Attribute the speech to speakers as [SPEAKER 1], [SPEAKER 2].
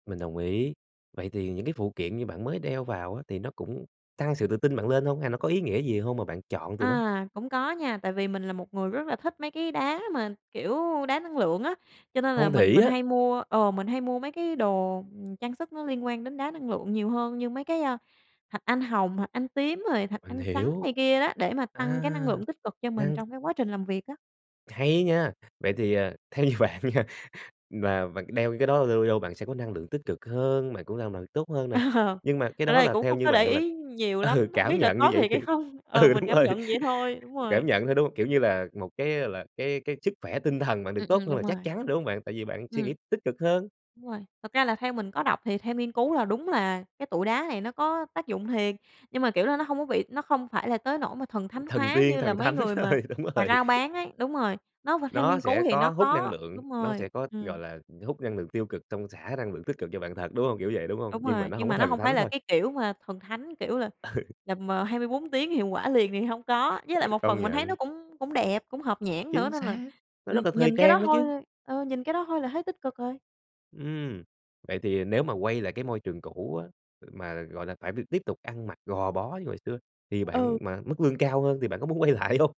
[SPEAKER 1] Mình đồng ý. Vậy thì những cái phụ kiện như bạn mới đeo vào á, thì nó cũng tăng sự tự tin bạn lên hông hay nó có ý nghĩa gì hông mà bạn chọn tụi nó?
[SPEAKER 2] À, cũng có nha, tại vì mình là một người rất là thích mấy cái đá mà, kiểu, đá năng lượng á, cho nên là
[SPEAKER 1] Phong
[SPEAKER 2] mình
[SPEAKER 1] thủy
[SPEAKER 2] mình
[SPEAKER 1] á.
[SPEAKER 2] hay mua, ờ, mình hay mua mấy cái đồ, ừm, trang sức nó liên quan đến đá năng lượng nhiều hơn như mấy cái, a, thạch anh hồng, thạch anh tím rồi thạch
[SPEAKER 1] Mình
[SPEAKER 2] anh trắng
[SPEAKER 1] hiểu.
[SPEAKER 2] này kia đó, để mà tăng cái năng
[SPEAKER 1] À,
[SPEAKER 2] lượng tích cực cho mình
[SPEAKER 1] đang
[SPEAKER 2] trong cái quá trình làm việc á.
[SPEAKER 1] Hay nha. Vậy thì, ờ, theo như bạn nha, là và c đeo cái đó lâu lâu bạn sẽ có năng lượng tích cực hơn, bạn cũng làm bạn tốt hơn
[SPEAKER 2] Ờ,
[SPEAKER 1] nè, nhưng mà cái
[SPEAKER 2] ờ,
[SPEAKER 1] đó
[SPEAKER 2] đây
[SPEAKER 1] là
[SPEAKER 2] cũng
[SPEAKER 1] theo
[SPEAKER 2] không
[SPEAKER 1] như
[SPEAKER 2] có để
[SPEAKER 1] bạn là
[SPEAKER 2] ý nhiều
[SPEAKER 1] ừ,
[SPEAKER 2] lắm, hông
[SPEAKER 1] cảm
[SPEAKER 2] biết là
[SPEAKER 1] nhận như
[SPEAKER 2] có
[SPEAKER 1] vậy
[SPEAKER 2] thiệt
[SPEAKER 1] thì
[SPEAKER 2] hay không, ờ,
[SPEAKER 1] ừ,
[SPEAKER 2] mình
[SPEAKER 1] đúng
[SPEAKER 2] cảm
[SPEAKER 1] rồi,
[SPEAKER 2] nhận vậy thôi, đúng rồi.
[SPEAKER 1] cảm nhận thôi, đúng, kiểu như là một cái, gọi là, cái cái sức khỏe tinh thần bạn được
[SPEAKER 2] Ừm,
[SPEAKER 1] tốt
[SPEAKER 2] ừm,
[SPEAKER 1] hơn
[SPEAKER 2] đúng
[SPEAKER 1] là chắc
[SPEAKER 2] rồi.
[SPEAKER 1] chắn, đúng hông bạn? Tại vì bạn suy
[SPEAKER 2] Ừm.
[SPEAKER 1] nghĩ tích cực hơn.
[SPEAKER 2] Đúng rồi, thực ra là theo mình có đọc thì theo nghiên cứu là đúng là cái tụi đá này nó có tác dụng thiệt, nhưng mà, kiểu là, nó hông có bị nó không phải là tới nỗi mà thần thánh
[SPEAKER 1] Thần
[SPEAKER 2] hóa
[SPEAKER 1] tiên,
[SPEAKER 2] như là
[SPEAKER 1] thần
[SPEAKER 2] mấy
[SPEAKER 1] thánh
[SPEAKER 2] người mà
[SPEAKER 1] rồi, đúng
[SPEAKER 2] mà
[SPEAKER 1] rồi.
[SPEAKER 2] rao bán ấy. Đúng rồi, nó v theo
[SPEAKER 1] Nó
[SPEAKER 2] nghiên cứu
[SPEAKER 1] sẽ
[SPEAKER 2] thì
[SPEAKER 1] có
[SPEAKER 2] nó
[SPEAKER 1] hút năng
[SPEAKER 2] có
[SPEAKER 1] lượng,
[SPEAKER 2] đúng
[SPEAKER 1] nó
[SPEAKER 2] rồi,
[SPEAKER 1] sẽ có,
[SPEAKER 2] ừm.
[SPEAKER 1] gọi là, hút năng lượng tiêu cực xong xả năng lượng tích cực cho bạn thật, đúng hông? Kiểu vậy, đúng hông?
[SPEAKER 2] Đúng
[SPEAKER 1] Nhưng mà
[SPEAKER 2] rồi,
[SPEAKER 1] nó
[SPEAKER 2] nhưng
[SPEAKER 1] hông có
[SPEAKER 2] mà nó
[SPEAKER 1] thần
[SPEAKER 2] hông phải
[SPEAKER 1] thánh
[SPEAKER 2] là
[SPEAKER 1] thôi.
[SPEAKER 2] cái kiểu mà thần thánh, kiểu là
[SPEAKER 1] Ừ.
[SPEAKER 2] là, mà 24 tiếng hiệu quả liền thì hông có, với
[SPEAKER 1] Ừ,
[SPEAKER 2] lại một
[SPEAKER 1] công
[SPEAKER 2] phần mình thấy nó
[SPEAKER 1] nhận.
[SPEAKER 2] cũng cũng đẹp, cũng hợp nhãn nữa
[SPEAKER 1] Chính
[SPEAKER 2] nên là,
[SPEAKER 1] xác, nó
[SPEAKER 2] ừm,
[SPEAKER 1] rất là thời
[SPEAKER 2] nhìn cái đó
[SPEAKER 1] trang đó
[SPEAKER 2] thôi
[SPEAKER 1] chứ.
[SPEAKER 2] ờ, nhìn cái đó thôi là thấy tích cực rồi.
[SPEAKER 1] Ừm, vậy thì nếu mà quay lại cái môi trường cũ á, ừ, mà, gọi là, phải b tiếp tục ăn mặc gò bó như hồi xưa thì
[SPEAKER 2] Ừ.
[SPEAKER 1] bạn mà mức lương cao hơn thì bạn có muốn quay lại hông?